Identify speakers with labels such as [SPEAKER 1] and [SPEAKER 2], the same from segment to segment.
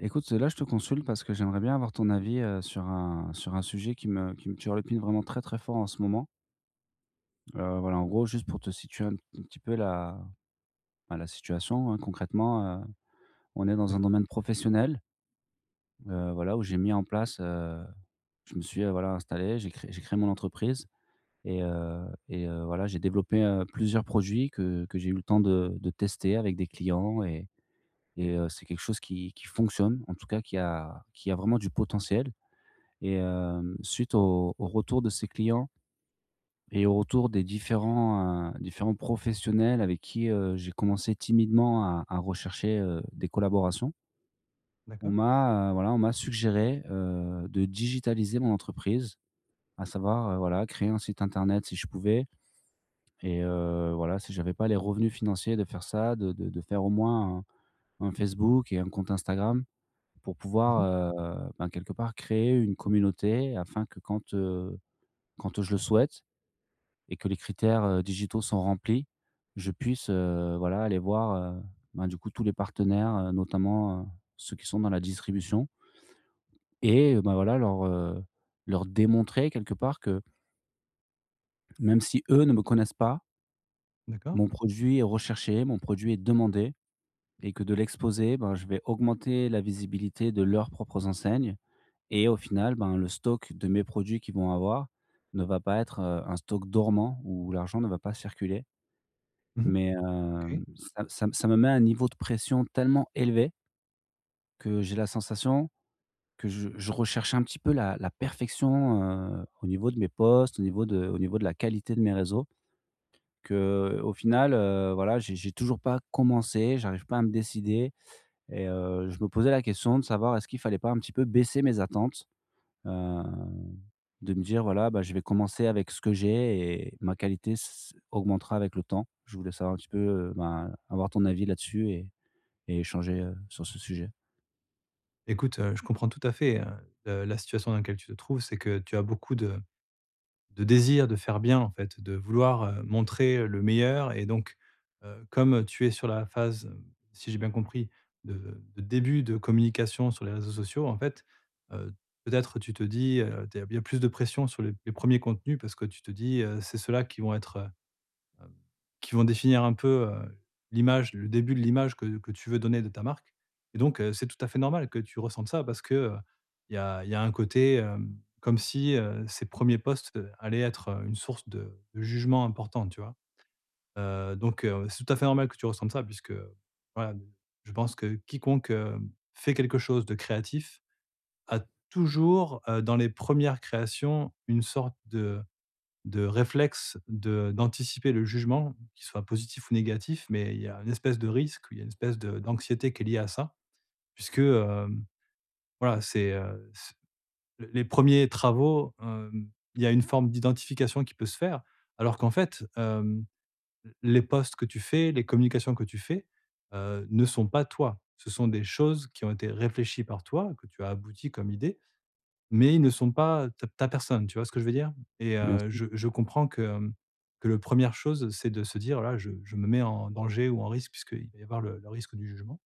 [SPEAKER 1] Écoute, heu, là je te consulte parce que j'aimerais bien avoir ton avis, heu, sur un sur un sujet qui me qui me turlupine vraiment très très fort en ce moment. Heu, voilà, en gros, juste pour te situer un p un petit peu la bah, la situation, hein. Concrètement, heu, on est dans un
[SPEAKER 2] D'acc
[SPEAKER 1] domaine professionnel, heu, voilà, où j'ai mis en place, heu, je me suis, heu, voilà, installé, j'ai créé j'ai créé mon entreprise et, heu, et heu, voilà, j'ai développé, heu, plusieurs produits que que j'ai eu le temps de de tester avec des clients et et heu, c'est quelque chose qui qui fonctionne, en tout cas qui a qui a vraiment du potentiel. Et hem, suite aux aux retours de ces clients et aux retours des différents, heu, différents professionnels avec qui, heu, j'ai commencé timidement à à rechercher, heu, des collaborations. On
[SPEAKER 2] D'accord.
[SPEAKER 1] m'a, heu, voilà, on m'a suggéré, heu, de digitaliser mon entreprise, à savoir, heu, voilà, créer un site internet, si je pouvais. Et heu, voilà, si j'avais pas les revenus financiers de faire ça, de de de faire au moins un un Facebook et un compte Instagram pour
[SPEAKER 2] Mmh
[SPEAKER 1] pouvoir,
[SPEAKER 2] mh.
[SPEAKER 1] heu, ben, quelque part créer une communauté afin que quand, heu, quand je le souhaite et que les critères, heu, digitaux sont remplis, je puisse, heu, voilà, aller voir, heu, ben du coup tous les partenaires, heu, notamment, heu, ceux qui sont dans la distribution. Et heu, ben voilà leur, heu, leur démontrer, quelque part, que même si eux ne me connaissent pas
[SPEAKER 2] D'accord.
[SPEAKER 1] mon produit est recherché, mon produit est demandé, et que de l'exposer, ben je vais augmenter la visibilité de leurs propres enseignes. Et au final, ben le stock de mes produits qu'ils vont avoir ne va pas être, heu, un stock dormant où l'argent ne va pas circuler.
[SPEAKER 2] Mmh mh.
[SPEAKER 1] Mais, hem,
[SPEAKER 2] OK.
[SPEAKER 1] ça m ça m ça me met un niveau de pression tellement élevé que j'ai la sensation que je je recherche un petit peu la la perfection. Heu, au niveau de mes posts, au niveau de au niveau de la qualité de mes réseaux, qu'au final, heu, voilà, j'ai j'ai toujours pas commencé, j'arrive pas à me décider. Et heu, je me posais la question de savoir est-ce qu'il fallait pas un petit peu baisser mes attentes, heu, de me dire: «Voilà, bah je vais commencer avec ce que j'ai et ma qualité ç ç augmentera avec le temps». Je voulais savoir un petit peu, heu ben, avoir ton avis là-dessus et et échanger, heu, sur ce sujet.
[SPEAKER 2] Écoute, heu, je comprends tout à fait, hein, heu, la situation dans laquelle tu te trouves, c'est que tu as beaucoup de de désir de faire bien en fait, de vouloir, heu, montrer, heu, le meilleur. Et donc, heu, comme tu es sur la phase, hem, si j'ai bien compris, de de début de communication sur les réseaux sociaux. En fait, heu, peut-être tu te dis, heu, t il y a plus de pression sur les p les premiers contenus, parce que tu te dis, heu, c'est ceux-là qui vont être, heu hem, qui vont définir un peu, heu, l'image le début de l'image que que tu veux donner de ta marque. Et donc, heu, c'est tout à fait normal que tu ressentes ça, parce que, heu, il y a il y a un côté, hem, comme si heu, ces premiers posts, heu, allaient être heu, une source de de jugement importante, tu vois? Heu, donc heu, c'est tout à fait normal que tu ressentes ça puisque heu, voilà heu, je pense que quiconque, hem, fait quelque chose de créatif, a toujours, heu, dans les premières créations, une sorte de de réflexe de d'anticiper le jugement, qu'il soit positif ou négatif. Mais il y a un espèce de risque ou il y a une espèce d'anxiété qui est liée à ça, puisque, hem, voilà, c'est, heu, c l les premiers travaux, hem il y a une forme d'identification qui peut se faire alors qu'en fait, hem, l les posts que tu fais, les communications que tu fais, heu, ne sont pas toi. Ce sont des choses qui ont été réfléchies par toi, que tu as abouties comme idée, mais ils ne sont pas, heu, ta ta personne, tu vois ce que je veux dire? Et
[SPEAKER 1] Bien
[SPEAKER 2] heu,
[SPEAKER 1] sûr.
[SPEAKER 2] je je comprends que, hem, que le première chose, c'est de se dire: «Voilà, je je me mets en danger ou en risque puisqu'il va y avoir le le risque du jugement»,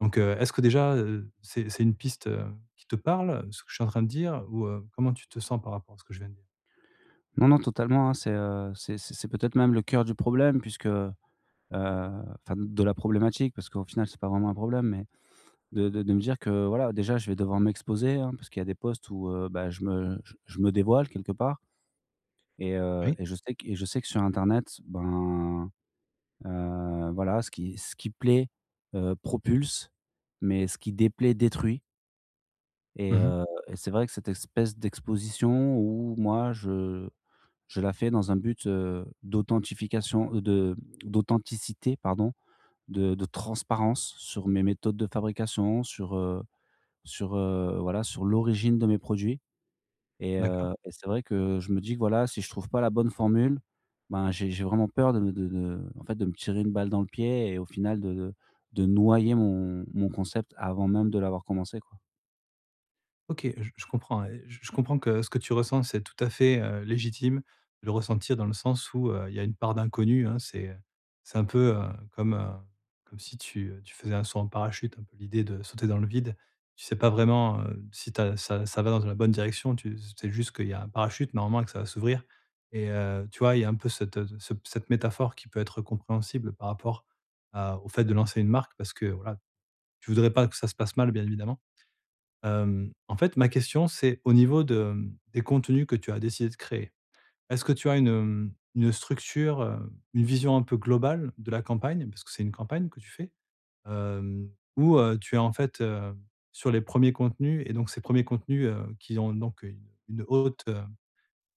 [SPEAKER 2] donc, heu, est-ce que déjà, heu, c'est c'est une piste, heu, qui te parle, ce que je suis en train de dire? Ou, heu, comment tu te sens par rapport à ce que je viens de dire?
[SPEAKER 1] Non, non, totalement, hein c'est, heu c'est c'est c'est peut-être même le cœur du problème puisque, heu enfin de la problématique, parce qu'au final, c'est pas vraiment un problème, mais, de de de me dire que voilà, déjà, je vais devoir m'exposer, hein, parce qu'il y a des posts où, heu, bah je me je je me dévoile quelque part. Et heu
[SPEAKER 2] Oui.
[SPEAKER 1] et je sais que et je sais que, sur internet, ben, heu, voilà, ce qui ce qui plaît, heu, propulse, mais ce qui déplaît, détruit. Et
[SPEAKER 2] Mmh mh.
[SPEAKER 1] heu, et c'est vrai que cette espèce d'exposition où moi, je je la fais dans un but, heu, d'authentification heu, de d'authenticité, pardon. De de transparence sur mes méthodes de fabrication, sur, heu, sur heu, voilà, sur l'origine de mes produits. Et
[SPEAKER 2] D'accord.
[SPEAKER 1] heu, et c'est vrai que je me dis que, voilà, si je trouve pas la bonne formule, ben j'ai j'ai vraiment peur de de de en fait, de me tirer une balle dans le pied et au final de de de noyer mon mon concept, avant même de l'avoir commencé, quoi.
[SPEAKER 2] OK, j je comprends, et j je comprends que, ce que tu ressens, c'est tout à fait, heu, légitime. Le ressentir dans le sens où, heu, il y a une part d'inconnu, hein, c'est, heu, c'est un peu, heu, comme, heu, comme si tu, heu, tu faisais un saut en parachute, un peu l'idée de sauter dans le vide. Tu sais pas vraiment, heu, si tu as ça ça va dans une bonne direction. Tu s sais juste qu'il y a un parachute, normalement, et que ça va s'ouvrir. Et heu, tu vois, il y a un peu cette ce ce cette métaphore, qui peut être compréhensible, par rapport à au fait de lancer une marque, parce que, voilà, tu voudrais pas que ça se passe mal, bien évidemment. Hem, en fait, ma question c'est au niveau de, hem, des contenus que tu as décidé de créer. Est-ce que tu as une, hem, une structure, heu, une vision un peu globale de la campagne? Parce que c'est une campagne que tu fais. Hem ou, heu, tu es en fait, heu, sur les 1ers contenus. Et donc, ces 1ers contenus, heu, qui ont heu donc une une haute, heu,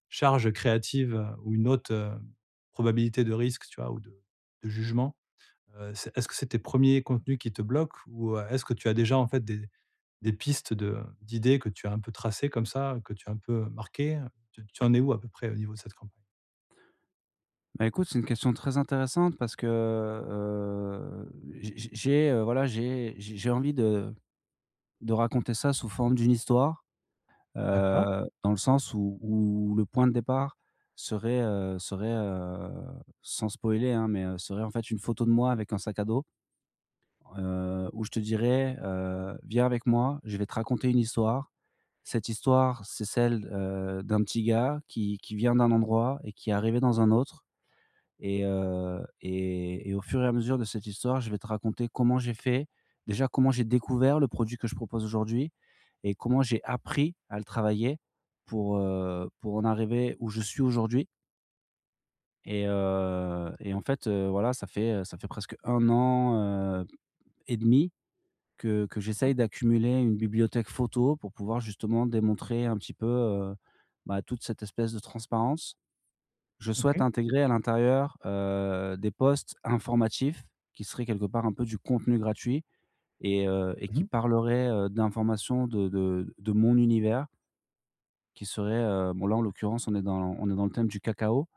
[SPEAKER 2] charge créative, heu, ou une haute, heu, probabilité de risque, tu vois, ou de de jugement. Heu, c'est est-ce que c'est tes 1ers contenus qui te bloquent, ou, heu, est-ce que tu as déjà, en fait, des des pistes de d'idées que tu as un peu tracées, comme ça, heu, que tu as un peu, heu, marquées, heu? Tu tu en es où à peu près au niveau de cette campagne?
[SPEAKER 1] Bah, écoute, c'est une question très intéressante, parce que, heu heu, j j j'ai, heu, voilà, j'ai j'ai j'ai envie de de raconter ça sous forme d'une histoire.
[SPEAKER 2] D'accord.
[SPEAKER 1] Heu, dans le sens où où où le point de départ serait, heu, serait, heu, sans spoiler, hein, mais, heu, serait en fait, une photo de moi avec un sac à dos. Heu, où je te dirai: «Heu, viens avec moi, je vais te raconter une histoire». Cette histoire, c'est celle, heu, d'un petit gars qui qui vient d'un endroit et qui est arrivé dans un autre. Et heu, et et au fur et à mesure de cette histoire, je vais te raconter comment j'ai fait. Déjà, comment j'ai découvert le produit que je propose aujourd'hui et comment j'ai appris à le travailler pour, heu, pour en arriver où je suis aujourd'hui. Et heu, et en fait, heu, voilà, ça fait, heu, ça fait presque 1 an, heu, et demi que que
[SPEAKER 2] D'accord.
[SPEAKER 1] j'essaye d'accumuler une bibliothèque photo, pour pouvoir justement démontrer un petit peu, heu, bah, toute cette espèce de transparence. Je souhaite
[SPEAKER 2] OK.
[SPEAKER 1] intégrer à l'intérieur, heu, des posts informatifs, qui seraient quelque part un peu du contenu gratuit, et heu, et
[SPEAKER 2] Mmh
[SPEAKER 1] qui
[SPEAKER 2] mh.
[SPEAKER 1] parleraient, heu, d'informations de de de mon univers qui seraient heu bon, là en l'occurrence, on est dans on est dans le thème du cacao,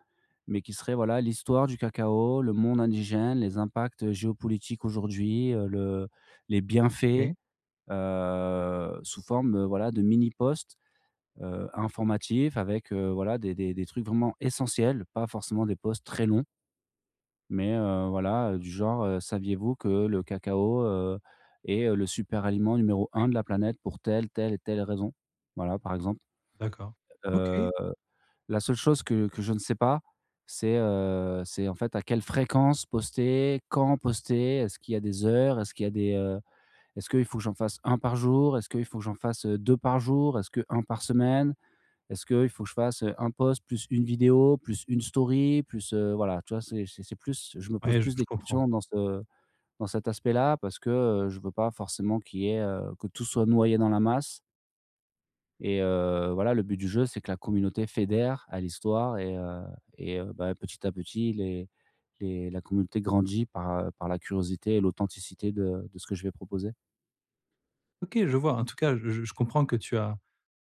[SPEAKER 1] mais qui serait voilà l'histoire du cacao, le monde indigène, les impacts, heu, géopolitiques aujourd'hui, heu, le les bienfaits,
[SPEAKER 2] OK.
[SPEAKER 1] heu, sous forme, heu, voilà de mini posts, heu, informatifs avec, heu, voilà, des des des trucs vraiment essentiels. Pas forcément des posts très longs mais, heu, voilà, heu, du genre, heu: «Saviez-vous que le cacao, heu, est, heu, le super aliment numéro 1 de la planète pour telle, telle et telle raison». Voilà, par exemple.
[SPEAKER 2] D'accord,
[SPEAKER 1] Heu,
[SPEAKER 2] OK!
[SPEAKER 1] la seule chose que que je ne sais pas, c'est heu, c'est en fait, à quelle fréquence poster, quand poster? Est-ce qu'il y a des heures est-ce qu'il y a des, heu est-ce que il faut que j'en fasse 1 par jour? Est-ce que il faut que j'en fasse, heu, 2 par jour? Est-ce que 1 par semaine? Est-ce que il faut que je fasse, heu, un post, plus une vidéo, plus une story, plus, heu, voilà, tu vois? C'est c'est c'est plus je me pose
[SPEAKER 2] Oui, je
[SPEAKER 1] plus
[SPEAKER 2] je
[SPEAKER 1] de
[SPEAKER 2] comprends.
[SPEAKER 1] questions dans ce dans cet aspect-là, parce que, heu, je veux pas forcément qu'il y ait, heu que tout soit noyé dans la masse. Et heu voilà, le but du jeu, c'est que la communauté fédère à l'histoire, et heu et heu, bah, petit à petit, les les la communauté grandit par heu par la curiosité et l'authenticité de de ce que je vais proposer.
[SPEAKER 2] OK, je vois. En tout cas, j je comprends que tu as,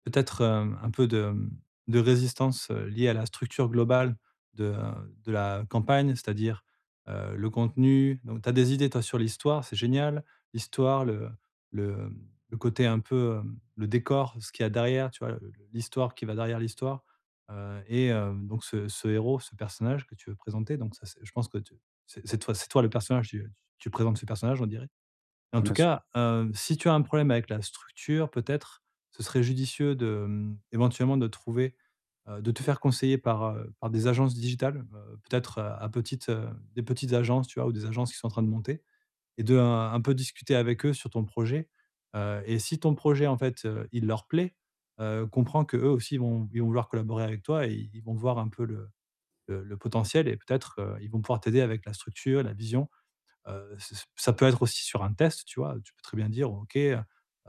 [SPEAKER 2] peut-être, heu, un peu de, mmh de résistance, heu, liée à la structure globale de heu de la campagne, c'est-à-dire, heu, le contenu. Donc tu as des idées, toi, sur l'histoire, c'est génial. L'histoire, le le, mmh, le côté un peu, hem, le décor, ce qu'il y a derrière, tu vois? Le le l'histoire qui va derrière l'histoire. Heu et heu donc ce ce héros, ce personnage que tu veux présenter, donc ça c'est je pense que t c'est toi c'est toi, le personnage. Tu tu présentes ce personnage, on dirait. En tout
[SPEAKER 1] Bien sûr.
[SPEAKER 2] cas, heu, si tu as un problème avec la structure, peut-être, ce serait judicieux de, mmh, éventuellement, de trouver heu, de te faire conseiller par, heu, par des agences digitales, heu, peut-être heu à petites heu des petites agences, tu vois, ou des agences qui sont en train de monter, et de, heu, un peu discuter avec eux sur ton projet. Heu et si ton projet, en fait, heu, il leur plaît, heu, comprends que eux aussi ils vont ils vont vouloir collaborer avec toi. Et ils vont voir un peu le le le potentiel, et peut-être, heu, ils vont pouvoir t'aider avec la structure, la vision. Heu, ç ça ça peut être aussi sur un test, tu vois. Tu peux très bien dire: «OK, heu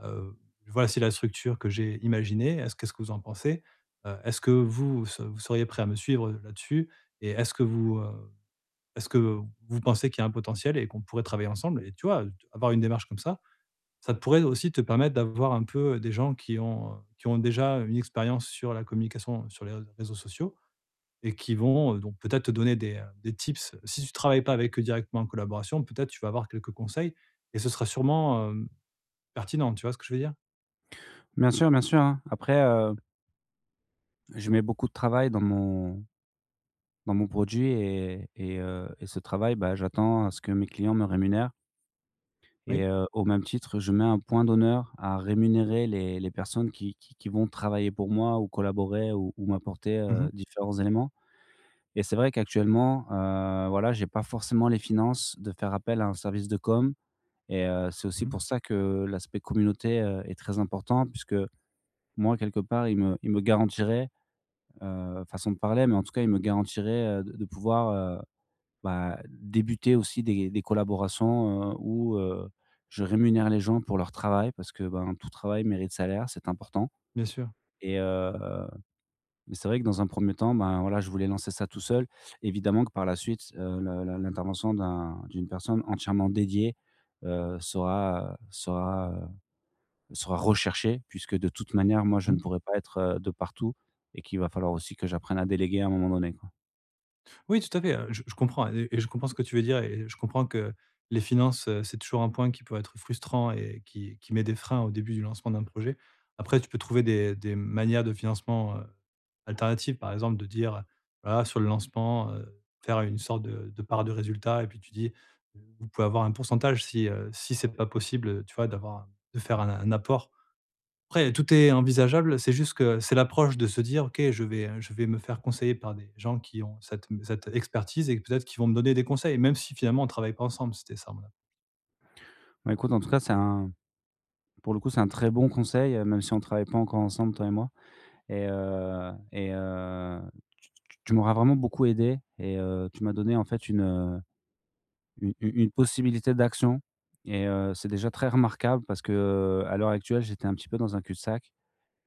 [SPEAKER 2] heu voilà, c'est la structure que j'ai imaginée, est-ce qu'est-ce que vous en pensez? Heu est-ce que vous se vous seriez prêt à me suivre, heu, là-dessus? Et est-ce que vous heu, est-ce que vous pensez qu'il y a un potentiel et qu'on pourrait travailler ensemble?» et tu vois, avoir une démarche comme ça, ça pourrait aussi te permettre d'avoir un peu des gens qui ont, heu, qui ont déjà une expérience sur la communication sur les rés réseaux sociaux et qui vont donc peut-être te donner des, heu, des tips. Si tu travailles pas avec eux directement en collaboration, peut-être tu vas avoir quelques conseils. Et ce sera sûrement, hem, pertinent. Tu vois ce que je veux dire?
[SPEAKER 1] Bien sûr, bien sûr, hein. Après, heu je mets beaucoup de travail dans mon dans mon produit et et heu, et ce travail, bah, j'attends à ce que mes clients me rémunèrent. Et
[SPEAKER 2] Oui.
[SPEAKER 1] heu, au même titre, je mets un point d'honneur à rémunérer les les personnes qui qui qui vont travailler pour moi, ou collaborer, ou ou m'apporter,
[SPEAKER 2] Mmh
[SPEAKER 1] heu,
[SPEAKER 2] mh.
[SPEAKER 1] différents éléments. Et c'est vrai qu'actuellement, heu, voilà, j'ai pas forcément les finances de faire appel à un service de communication. Et heu, c'est aussi
[SPEAKER 2] Mmh mh.
[SPEAKER 1] pour ça que l'aspect communauté, heu, est très important, puisque, moi, quelque part, il me il me garantirait, heu- façon de parler- mais en tout cas, il me garantirait heu de de pouvoir heu, bah, débuter aussi des des collaborations, heu où heu, je rémunère les gens pour leur travail, parce que, ben, tout travail mérite salaire. C'est important.
[SPEAKER 2] Bien sûr.
[SPEAKER 1] Et heu, mais c'est vrai que, dans un premier temps, ben voilà, je voulais lancer ça tout seul. Évidemment que, par la suite, heu l l l'intervention d'un d'une personne entièrement dédiée heu sera, heu sera, heu, sera recherchée puisque, de toute manière, moi, je ne
[SPEAKER 2] Mmh.
[SPEAKER 1] pourrai pas être de partout, et qu'il va falloir aussi que j'apprenne à déléguer, à un moment donné, quoi.
[SPEAKER 2] Oui, tout à fait, heu, j je comprends e et je comprends ce que tu veux dire et et je comprends que les finances, heu, c'est toujours un point qui peut être frustrant et qui qui met des freins au début du lancement d'un projet. Après, tu peux trouver des des manières de financement, heu, alternatives, par exemple de dire, heu, voilà sur le lancement, heu, faire une sorte de de part de résultat et puis tu dis: «V vous pouvez avoir un pourcentage», si, heu, si c'est pas possible, heu, tu vois, d'avoir, heu, de faire un un apport. Après, tout est envisageable, c'est juste que c'est l'approche de se dire: «OK, je vais je vais me faire conseiller par des gens qui ont cette cette expertise et peut-être qu'ils vont me donner des conseils», même si finalement, on travaille pas ensemble. C'était ça. Voilà.
[SPEAKER 1] Ben écoute, en tout cas c'est un pour le coup, c'est un très bon conseil, heu, même si on travaille pas encore ensemble toi et moi. Et heu, et heu, tu tu tu tu m'auras vraiment beaucoup aidé et heu, tu m'as donné en fait une u u une possibilité d'action. Et heu, c'est déjà très remarquable parce que, heu, à l'heure actuelle, j'étais un petit peu dans un cul-de-sac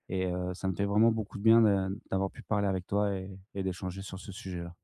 [SPEAKER 1] et heu, ça me fait vraiment beaucoup de bien de d'avoir pu parler avec toi et et d'échanger sur ce sujet-là.